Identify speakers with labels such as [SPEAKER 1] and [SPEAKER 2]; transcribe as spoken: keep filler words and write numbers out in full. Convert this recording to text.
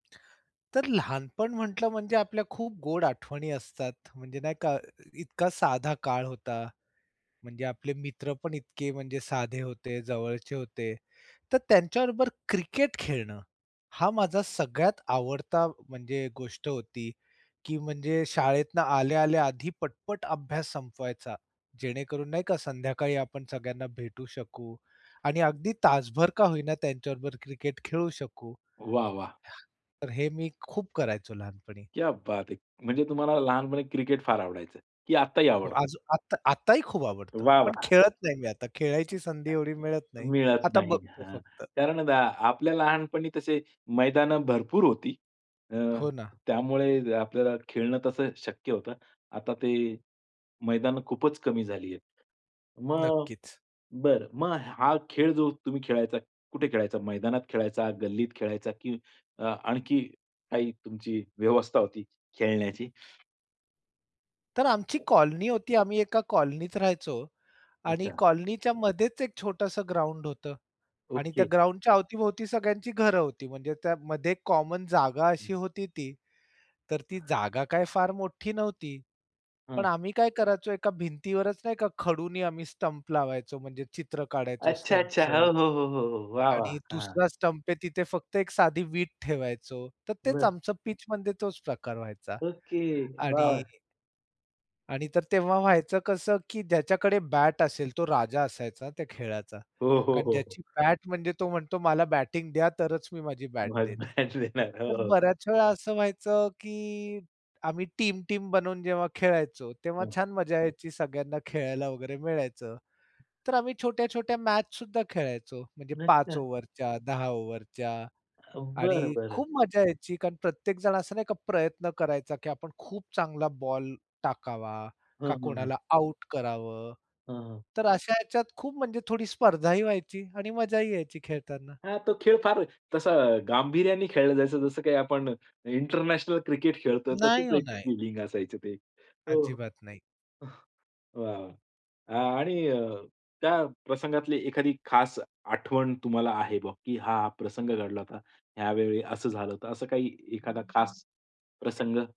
[SPEAKER 1] तर लहानपण म्हटलं म्हणजे आपल्या खूप गोड आठवणी असतात. म्हणजे नाही का इतका साधा काळ होता. म्हणजे आपले मित्र पण इतके म्हणजे साधे होते जवळचे होते. तर त्यांच्याबरोबर क्रिकेट खेळणं हा माझा सगळ्यात आवडता म्हणजे गोष्ट होती. की म्हणजे शाळेतनं आल्या-आल्या आधी पटपट अभ्यास संपवायचा जेणेकरून नाही का, संध्याकाळी आपण सगळ्यांना भेटू शकू आणि अगदी तासभर का होईना त्यांच्याबरोबर क्रिकेट खेळू शकू.
[SPEAKER 2] वाह, वाह!
[SPEAKER 1] तर हे मी खूप करायचो लहानपणी.
[SPEAKER 2] क्या बात है. म्हणजे तुम्हाला लहानपणी क्रिकेट फार आवडायचं, की आत्ताही
[SPEAKER 1] हो.
[SPEAKER 2] आवडतं?
[SPEAKER 1] आजू आत आताही खूप आवडतं
[SPEAKER 2] वाह
[SPEAKER 1] पण
[SPEAKER 2] वाह!
[SPEAKER 1] खेळत नाही मी आता खेळायची संधी
[SPEAKER 2] [unintelligible]
[SPEAKER 1] एवढी मिळत नाही.
[SPEAKER 2] मिळत
[SPEAKER 1] आता
[SPEAKER 2] नाही
[SPEAKER 1] बघतो
[SPEAKER 2] हं.
[SPEAKER 1] फक्त.
[SPEAKER 2] कारण आता आपल्या लहानपणी तसे मैदानं भरपूर होती. अ,
[SPEAKER 1] हो ना.
[SPEAKER 2] त्यामुळे आपल्याला खेळणं तसं शक्य होतं. आता ते मैदानं खूपच कमी झाली आहे. मग
[SPEAKER 1] नक्कीच.
[SPEAKER 2] बरं, मग हा खेळ जो तुम्ही खेळायचा कुठे खेळायचा मैदानात खेळायचा, गल्लीत खेळायचा की अ, आणखी काही तुमची व्यवस्था होती खेळण्याची.
[SPEAKER 1] तर आमची कॉलनी होती आम्ही एका कॉलनीत राहायचो. आणि
[SPEAKER 2] अच्छा.
[SPEAKER 1] कॉलनीच्या मध्येच एक छोटसं ग्राउंड होतं. आणि त्या
[SPEAKER 2] ओके.
[SPEAKER 1] ग्राउंडच्या अवती-भोवती सगळ्यांची घरं होती. म्हणजे त्यामध्ये कॉमन जागा अशी होती ती तर ती जागा काय फार मोठी नव्हती. पण
[SPEAKER 2] हां
[SPEAKER 1] आम्ही काय करायचो एका भिंतीवरच नाही का खडूनी आम्ही स्टंप लावायचो म्हणजे चित्र काढायचो
[SPEAKER 2] अच्छा, अच्छा.
[SPEAKER 1] स्टंपचं
[SPEAKER 2] हो, हो, हो, हो. वाह, वाह!
[SPEAKER 1] आणि
[SPEAKER 2] हं.
[SPEAKER 1] दुसरा स्टंप आहे तिथे फक्त एक साधी वीट ठेवायचो तर तेच
[SPEAKER 2] बरं.
[SPEAKER 1] आमचं पिच मध्ये तोच प्रकार व्हायचा.
[SPEAKER 2] ओके
[SPEAKER 1] आणि
[SPEAKER 2] बरं.
[SPEAKER 1] आणि तर तेव्हा व्हायचं कसं की ज्याच्याकडे बॅट असेल तो राजा असायचा त्या खेळाचा.
[SPEAKER 2] हो, हो,
[SPEAKER 1] कारण
[SPEAKER 2] हो, हो.
[SPEAKER 1] ज्याची बॅट म्हणजे तो म्हणतो, "मला बॅटिंग द्या तरच मी माझी
[SPEAKER 2] [unintelligible]
[SPEAKER 1] बॅट देईन."
[SPEAKER 2] देणार. हो,
[SPEAKER 1] तर
[SPEAKER 2] हो.
[SPEAKER 1] बऱ्याचवेळा असं व्हायचं की आम्ही टीम-टीम बनवून जेव्हा खेळायचो तेव्हा
[SPEAKER 2] हं.
[SPEAKER 1] छान मजा यायची. सगळ्यांना खेळायला वगैरे मिळायचं. तर आम्ही छोट्या-छोट्या मॅच सुद्धा खेळायचो म्हणजे पाच
[SPEAKER 2] अच्छा.
[SPEAKER 1] ओव्हरच्या, दहा ओव्हरच्या.
[SPEAKER 2] अ, बरं,
[SPEAKER 1] आणि
[SPEAKER 2] बरं.
[SPEAKER 1] खूप मजा यायची कारण प्रत्येक जण असं नाही का प्रयत्न करायचा की आपण खूप चांगला बॉल टाकावा
[SPEAKER 2] हं,
[SPEAKER 1] का,
[SPEAKER 2] हं, हं.
[SPEAKER 1] कोणाला आउट करावं.
[SPEAKER 2] हां, हां.
[SPEAKER 1] तर अशा ह्याच्यात खूप म्हणजे थोडी स्पर्धाही व्हायची आणि मजाही यायची खेळताना.
[SPEAKER 2] हां, तो खेळ फार तसा गांभीर्याने खेळलं जायचं जसं काही आपण इंटरनॅशनल क्रिकेट खेळतो,
[SPEAKER 1] नाही
[SPEAKER 2] तशीच
[SPEAKER 1] हो
[SPEAKER 2] एक
[SPEAKER 1] नाही.
[SPEAKER 2] फिलिंग असायचं ते हो.
[SPEAKER 1] अजिबात नाही.
[SPEAKER 2] हं. वाह, वाह! आणि त्या प्रसंगातली एखादी खास आठवण तुम्हाला आहे बा, की हा प्रसंग घडला होता. यावेळी असं झालं होतं, असं काही एखादा खास प्रसंग.